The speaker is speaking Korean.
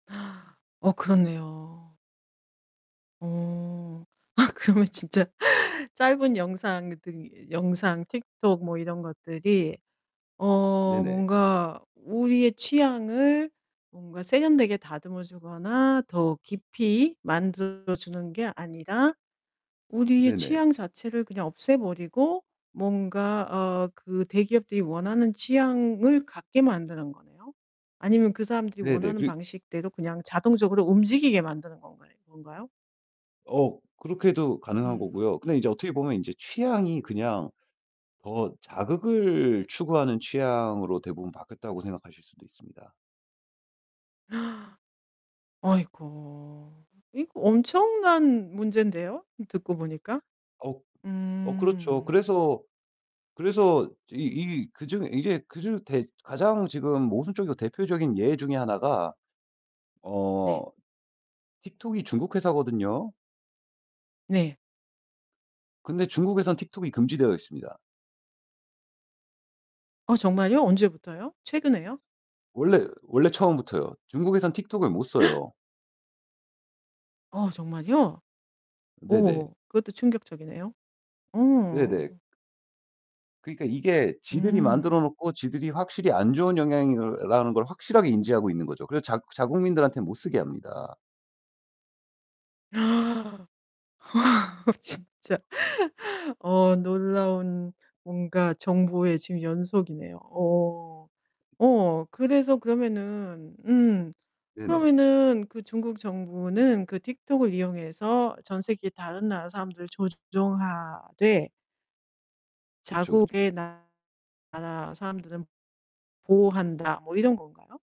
어 그렇네요. 어. 아 그러면 진짜 짧은 영상들이 영상 TikTok 뭐 이런 것들이 어 네네. 뭔가 우리의 취향을 뭔가 세련되게 다듬어 주거나 더 깊이 만들어 주는 게 아니라 우리의 네네. 취향 자체를 그냥 없애 버리고 뭔가 어 그 대기업들이 원하는 취향을 갖게 만드는 거네요. 아니면 그 사람들이 네네. 원하는 그리 방식대로 그냥 자동적으로 움직이게 만드는 건가요 건가요? 어 그렇게도 가능한 음. 거고요. 근데 인제 어떻게 보면 인제 취향이 그냥 더 자극을 추구하는 취향으로 대부분 바뀌었다고 생각하실 수도 있습니다. 아이고 이거 엄청난 문제인데요 듣고 보니까? 아우 어 그렇죠. 음. 그래서, 그래서 이 이 그중 이게 그중 대 가장 지금 모순적이고 대표적인 예 중에 하나가 네. 어 TikTok이 중국 회사거든요. 네. 근데 중국에선 TikTok이 금지되어 있습니다. 어 정말요? 언제부터요? 최근에요? 원래, 원래 처음부터요. 중국에선 TikTok을 못 써요. 아 정말이요? 네네. 오 그것도 충격적이네요. 어. 네네. 그러니까 이게 지들이 음. 만들어 놓고 지들이 확실히 안 좋은 영향이라는 걸 확실하게 인지하고 있는 거죠. 그래서 작 자국민들한테 못 쓰게 합니다. 아 진짜. 어 놀라운 뭔가 정보의 지금 연속이네요. 오. 오 그래서 그러면은 음 네네. 그러면은 그 '중국 정부는 그 TikTok을 이용해서 전 세계 다른 나라 사람들을 조종하되' 그쵸, 그쵸. '자국의 나라 사람들은 보호한다.' 뭐 이런 건가요?